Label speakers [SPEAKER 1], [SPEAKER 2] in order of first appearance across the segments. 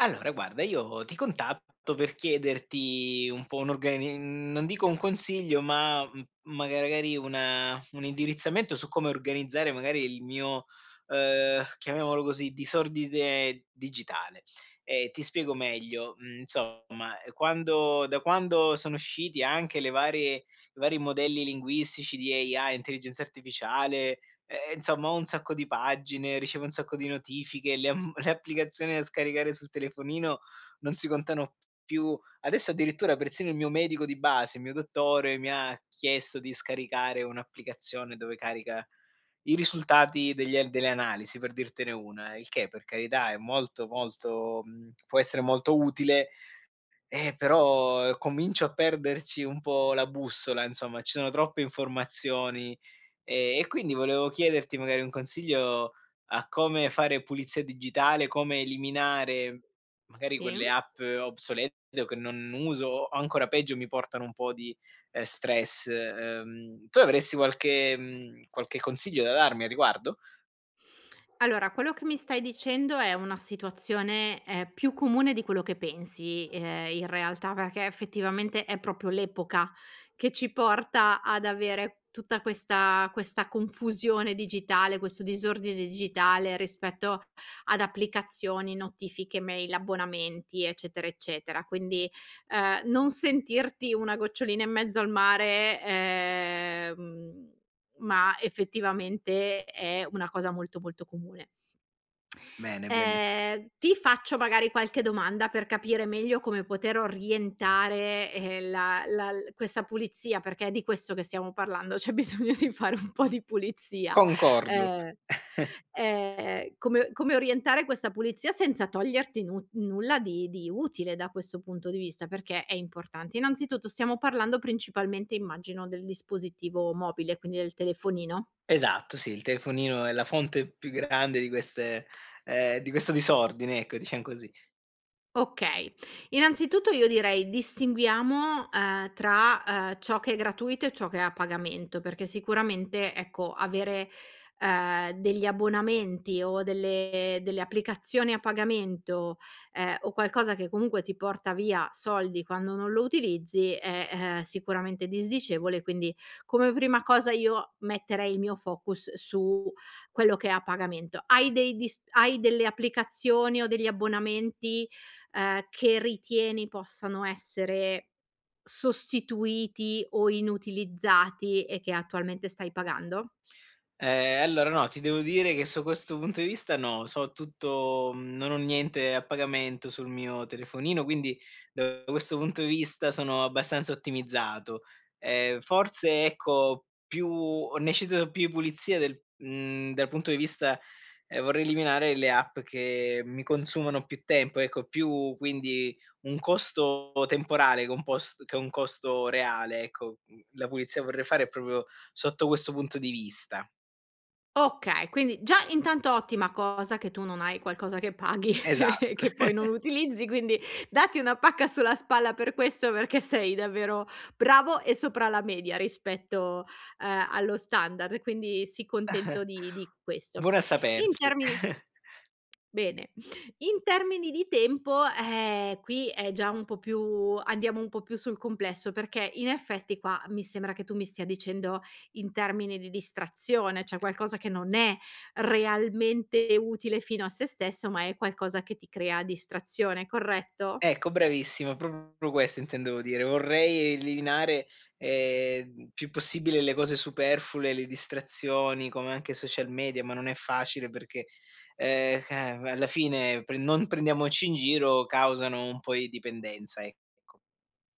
[SPEAKER 1] Allora, guarda, io ti contatto per chiederti un po' un'organi mhmm, non dico un consiglio, ma m magari una un indirizzamento su come organizzare, magari, il mio, ehm, chiamiamolo così, disordine digitale. Ehm, ti spiego meglio: mh, insomma, quando da quando sono usciti anche le varie i vari modelli linguistici di AI intelligenza artificiale, ehm, insomma, ho un sacco di pagine, ricevo un sacco di notifiche, le mhmm, r applicazioni da scaricare sul telefonino non si contano p più. Adesso, addirittura, persino il mio medico di base, il mio dottore, mi ha chiesto di scaricare un'applicazione dove carica i risultati degli delle analisi, per dirtene una. Il che, per carità, è molto, molto mhmm, può essere molto utile, ehm, però comincio a perderci un po' la bussola. Insomma, ci sono troppe informazioni e e, quindi, volevo chiederti, magari, un consiglio a come fare pulizia digitale, come eliminare, magari,
[SPEAKER 2] Sì?
[SPEAKER 1] quelle app obsolete o che non uso o, ancora peggio, mi portano un po' di, uhm, stress, uhm tu avresti qualche mhmm, qualche consiglio da darmi a riguardo?
[SPEAKER 2] Allora, quello che mi stai dicendo è una situazione, ehm, più comune di quello che pensi, ehm, in realtà. Perché, effettivamente, è proprio l'epoca che ci porta ad avere tutta questa questa confusione digitale, questo disordine digitale rispetto ad applicazioni, notifiche, mail, abbonamenti, eccetera, eccetera. Quindi, ehm, non sentirti una gocciolina in mezzo al mare, ehm, ma, effettivamente, è una cosa molto, molto comune.
[SPEAKER 1] Bene, bene.
[SPEAKER 2] Ehm, ti faccio, magari, qualche domanda per capire meglio come poter orientare, ehm, la la l questa pulizia perché è di questo che stiamo parlando. C'è bisogno di fare un po' di pulizia.
[SPEAKER 1] Concordo.
[SPEAKER 2] Uhm, ehm, come come orientare questa pulizia senza toglierti nu nulla di di utile da questo punto di vista perché è importante. Innanzitutto, stiamo parlando, principalmente, immagino, del dispositivo mobile, quindi del telefonino.
[SPEAKER 1] Esatto, sì, il telefonino è la fonte più grande di queste ehm, di questo disordine, ecco, diciam così.
[SPEAKER 2] Okay. Innanzitutto, io direi: distinguiamo, uhm, tra, uhm, ciò che è gratuito e ciò che è a pagamento perché, sicuramente, ecco, avere, ehm, degli abbonamenti o delle delle applicazioni a pagamento, ehm, o qualcosa che, comunque, ti porta via soldi quando non lo utilizzi è, uhm, sicuramente disdicevole. Quindi, come prima cosa, io metterei il mio focus su quello che è a pagamento. Hai dei dis hai delle applicazioni o degli abbonamenti, ehm, che ritieni possano essere sostituiti o inutilizzati e che, attualmente, stai pagando?
[SPEAKER 1] Ehm. Allora, no, ti devo dire che, su questo punto di vista, no. So tutto non ho niente a pagamento sul mio telefonino, quindi, da questo punto di vista, sono abbastanza ottimizzato. Ehm, forse, ecco, più ne cito più pulizie del mhmm, dal punto di vista ehm, vorrei eliminare le app che mi consumano più tempo, ecco, più quindi un costo temporale che è un post che un costo reale, ecco. Mhmm, la pulizia vorrei fare è proprio sotto questo punto di vista.
[SPEAKER 2] Okay, quindi già intanto ottima cosa che tu non hai qualcosa che paghi,
[SPEAKER 1] Esatt
[SPEAKER 2] che poi non utilizzi quindi datti una pacca sulla spalla per questo perché sei davvero bravo e sopra la media rispetto, uhm, allo standard, quindi sii contento di di questo.
[SPEAKER 1] Buono a
[SPEAKER 2] In
[SPEAKER 1] sapersi.
[SPEAKER 2] termini bene, in termini di tempo, eh, qui è già un po' più andiamo un po' più sul complesso, perché in effetti qua mi sembra che tu mi stia dicendo, in termini di distrazione, cioè qualcosa che non è realmente utile, fino a se stesso, ma è qualcosa che ti crea distrazione, corretto?
[SPEAKER 1] Ecco, bravissimo, proprio questo intendevo dire, vorrei eliminare, ehm, più possibile le cose superflue, le distrazioni come anche social media, ma non è facile perchè ehm, eh, alla fine pre non prendiamoci in giro, causano un po' di dipendenza, ecco.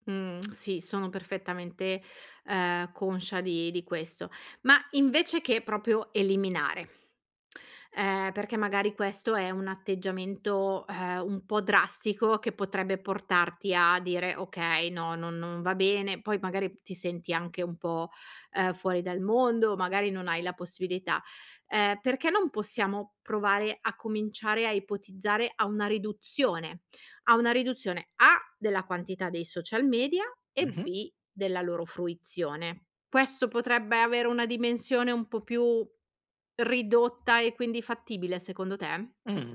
[SPEAKER 2] Mh, sì, sono perfettamente, uhm, conscia di di questo. Ma, invece che proprio eliminare, uhm, perché magari questo è un atteggiamento, ehm, un po' drastico che potrebbe portarti a dire: "Okay, no non non va bene", poi magari m ti senti anche un po', uhm, fuori dal mondo magari non hai la possibilità. Ehm, perché non possiamo provare a cominciare a ipotizzare a una riduzione a una riduzione. A della quantità dei social media e
[SPEAKER 1] Mh-mh.
[SPEAKER 2] B della loro fruizione. Questo potrebbe avere una dimensione un po' più ridotta e quindi fattibile secondo te?
[SPEAKER 1] Mh,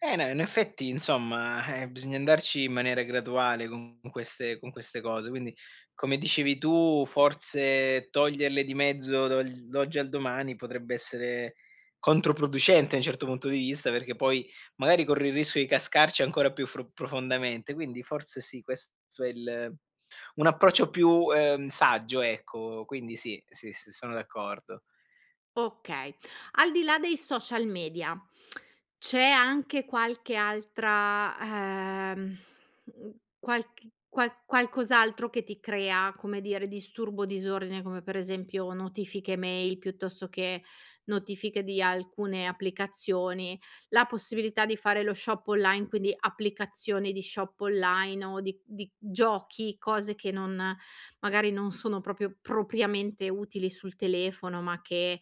[SPEAKER 1] eh, no, in effetti insomma, eh, bisogna andarci in maniera graduale con queste con queste cose, quindi come dicevi tu, forse toglierle di mezzo dall'oggi al domani potrebbe essere controproducente, un certo punto di vista, perché poi magari corri il rischio di cascarci ancora più fro profondamente. Quindi forse sì questo è il un approccio più, uhm, saggio ecco. Quindi sì, sì, sì sono d'accordo.
[SPEAKER 2] Okay. Al di là dei social media, c'è anche qualche altra, ehm, mhmm, qualc qual qualcos'altro che ti crea, come dire disturbo, disordine, come per esempio notifiche mail, piuttosto che notifiche di alcune applicazioni, la possibilità di fare lo shop online quindi applicazioni di shop online o di di giochi, cose che non magari non sono proprio propriamente utili sul telefono ma che,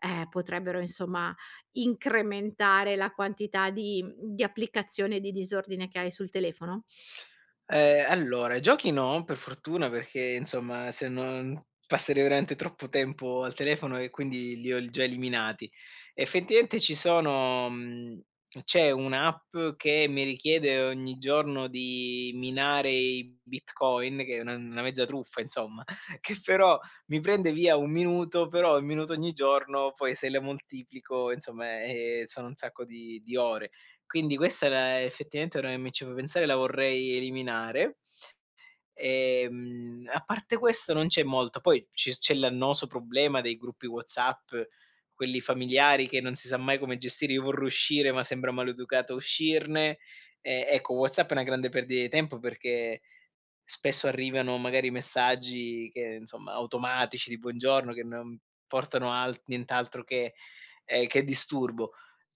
[SPEAKER 2] ehm, potrebbero insomma incrementare la quantità di mhmm, di applicazione, di disordine che hai sul telefono?
[SPEAKER 1] Ehm, allora giochi no, per fortuna, perché insomma se non passerei veramente troppo tempo al telefono e quindi li ho l già eliminati. Effettivamente ci sono mhmm, c'è un'app che mi richiede ogni giorno di minare i Bitcoin, che è una una mezza truffa, insomma, che però mi prende via 1 minuto, però 1 minuto ogni giorno poi se la moltiplico, insomma, eh, eh sono un sacco di di ore. Quindi questa è la effettivamente, ora che mi ci fai pensare, la vorrei eliminare. Ehm, a parte questo non c'è molto, poi ci c'è l'annoso problema dei gruppi WhatsApp, quelli familiari, che non si sa mai come gestire. Io vorrò uscire, ma sembra maleducato uscirne. Eh, ecco, WhatsApp è una grande perdita di tempo, perché spesso arrivano magari messaggi che insomma, automatici di buongiorno, che non portano al nient'altro che ehm, che disturbo.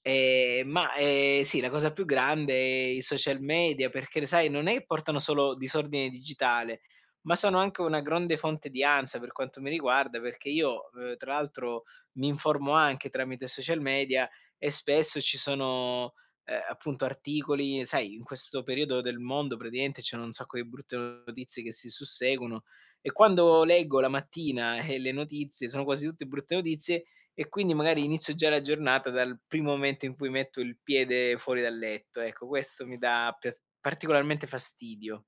[SPEAKER 1] Ehm, ma ehm, sì, la cosa più grande è i social media perché le sai, non è portano solo disordine digitale, ma sono anche una grande fonte di ansia per quanto mi riguarda, perché io, uhm, tra l'altro mi informo anche tramite social media, e spesso ci sono, ehm, appunto articoli, sai, in questo periodo del mondo praticamente ci sono un sacco di brutte notizie che si susseguono, e quando leggo la mattina, e le notizie sono quasi tutte brutte notizie, e quindi magari inizio già la giornata dal primo momento in cui metto il piede fuori dal letto, ecco, questo mi dà piat particolarmente fastidio.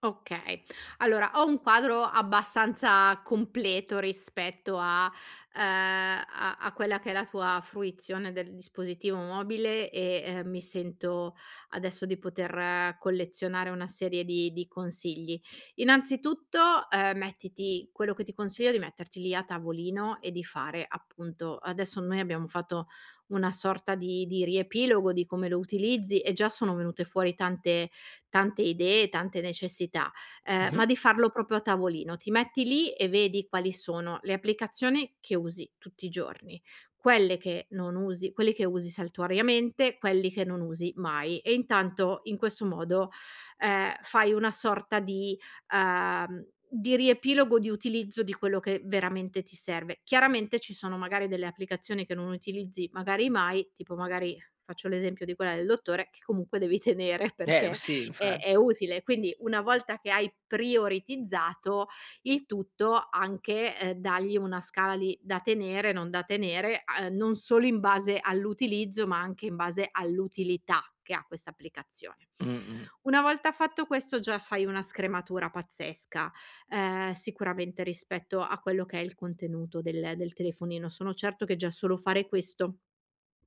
[SPEAKER 2] Okay. Allora, ho un quadro abbastanza completo rispetto a uhm, a a quella che è la tua fruizione del dispositivo mobile e, ehm, mi sento adesso di poter collezionare una serie di di consigli. Innanzitutto, uhm, mettiti quello che ti consiglio è di metterti lì a tavolino e di fare, appunto adesso noi abbiamo fatto una sorta di di riepilogo di come lo utilizzi, e già sono venute fuori tante tante idee, tante necessità, uhm,
[SPEAKER 1] Mh-mh.
[SPEAKER 2] ma di farlo proprio a tavolino. Ti metti lì, e vedi quali sono le applicazione che usi tutti i giorni, quelle che non usi, quelli che usi saltuariamente, quelli che non usi mai, e intanto, in questo modo, ehm, fai una sorta di uhm, di riepilogo, di utilizzo di quello che veramente ti serve. Chiaramente ci sono, magari, delle applicazioni che non utilizzi magari mai, tipo, magari, faccio l'esempio di quella del dottore, che comunque devi tenere
[SPEAKER 1] Eh m
[SPEAKER 2] perché
[SPEAKER 1] sì,
[SPEAKER 2] è
[SPEAKER 1] infa
[SPEAKER 2] è utile, quindi una volta che hai prioritizzato il tutto anche, ehm, dagli una scali da tenere, non da tenere, a non solo in base all'utilizzo ma anche in base all'utilità che ha questa applicazione.
[SPEAKER 1] Mh-mh.
[SPEAKER 2] Una volta fatto questo già fai una scrematura pazzesca, uhm, sicuramente rispetto a quello che è il contenuto del del telefonino. Sono certo che già solo fare questo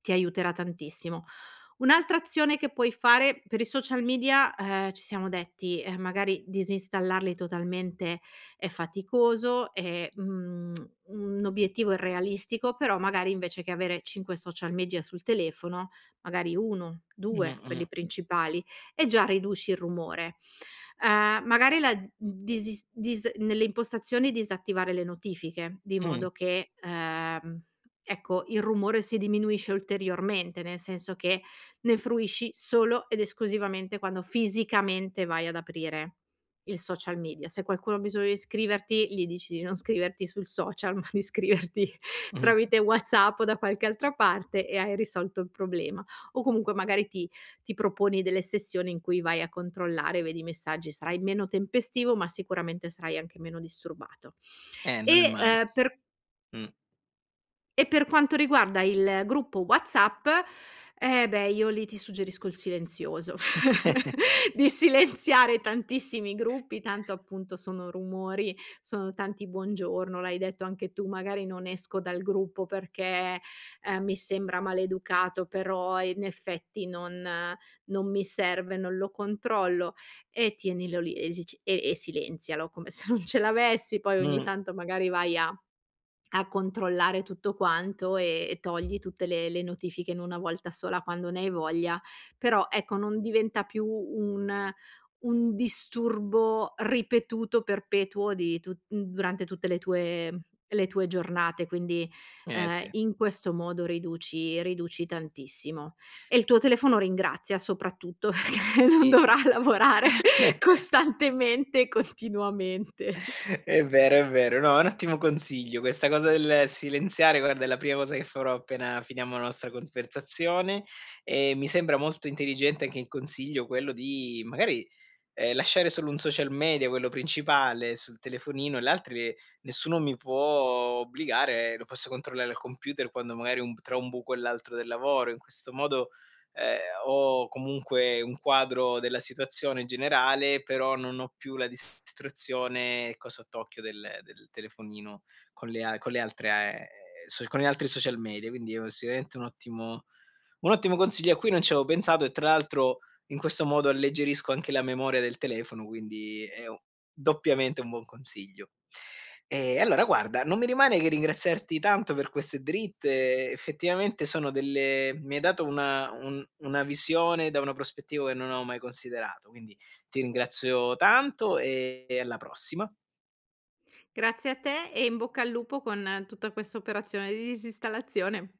[SPEAKER 2] ti aiuterà tantissimo. Un'altra azione che puoi fare per i social media, uhm, ci siamo detti, uhm, magari disinstallarli totalmente è faticoso, è un un obiettivo irrealistico, però magari invece che avere 5 social media sul telefono, magari 1, 2 quelli
[SPEAKER 1] Mh-mh.
[SPEAKER 2] principali, e già riduci il rumore. Uhm, magari la d disis dis nelle impostazioni disattivare le notifiche, di
[SPEAKER 1] Mh.
[SPEAKER 2] modo che, uhm, ecco, il rumore si diminuisce ulteriormente, nel senso che ne fruisci solo ed esclusivamente quando fisicamente vai ad aprire il social media. Se qualcuno ha bisogno di scriverti gli dici di non scriverti sul social ma di scriverti
[SPEAKER 1] Mh.
[SPEAKER 2] tramite WhatsApp o da qualche altra parte e hai risolto il problema, o comunque magari ti ti proponi delle sessioni in cui vai a controllare, vedi i messaggi. Sarai meno tempestivo, ma sicuramente sarai anche meno disturbato.
[SPEAKER 1] Eh non è
[SPEAKER 2] E,
[SPEAKER 1] male.
[SPEAKER 2] uhm, per
[SPEAKER 1] Mh.
[SPEAKER 2] e per quanto riguarda il gruppo WhatsApp, eh, beh, io lì ti suggerisco il silenzioso. Di silenziare tantissimi gruppi, tanto appunto, sono rumori. Sono tanti "Buongiorno" l’hai detto anche tu: "Magari non esco dal gruppo perché, uhm, mi sembra maleducato, però in effetti non non mi serve, non lo controllo". E tienilo lì e si c e e silenzialo come se non ce l'avessi, poi ogni
[SPEAKER 1] Mh.
[SPEAKER 2] tanto magari vai a a controllare tutto quanto, e e togli tutte le le notifiche in 1 volta sola quando ne hai voglia. Però, ecco, non diventa più un un disturbo ripetuto, perpetuo di tutt m durante tutte le tue le tue giornate, quindi,
[SPEAKER 1] Eh,
[SPEAKER 2] uhm,
[SPEAKER 1] sì.
[SPEAKER 2] in questo modo riduci riduci tantissimo, e il tuo telefono ringrazia, soprattutto perché non
[SPEAKER 1] Sì.
[SPEAKER 2] dovrà lavorare costantemente e continuamente.
[SPEAKER 1] È vero è vero. No, un ottimo consiglio questa cosa del silenziare, guarda, è la prima cosa che farò appena finiamo la nostra conversazione. E mi sembra molto intelligente anche in consiglio quello di magari, ehm, lasciare solo 1 social media, quello principale sul telefonino, e l'altri nessuno mi può obbligare, lo posso controllare al computer quando magari ho un tra un buco e l'altro del lavoro. In questo modo, ehm, ho comunque un quadro della situazione generale, però non ho più la distruzione, ecco, sott'occhio del del telefonino con le a con le altre a ehm, so con gli altri social media. Quindi è sicuramente un ottimo un ottimo consiglio a cui non c'avevo pensato, e tra l'altro in questo modo alleggerisco anche la memoria del telefono, quindi è doppiamente un buon consiglio. Ehm, allora, guarda, non mi rimane che ringraziarti tanto per queste dritte, effettivamente sono delle mi hai dato una un una visione da una prospettiva che non avevo mai considerato, quindi ti ringrazio tanto e e alla prossima.
[SPEAKER 2] Grazie a te, e in bocca al lupo con tutta questa operazione di disinstallazione.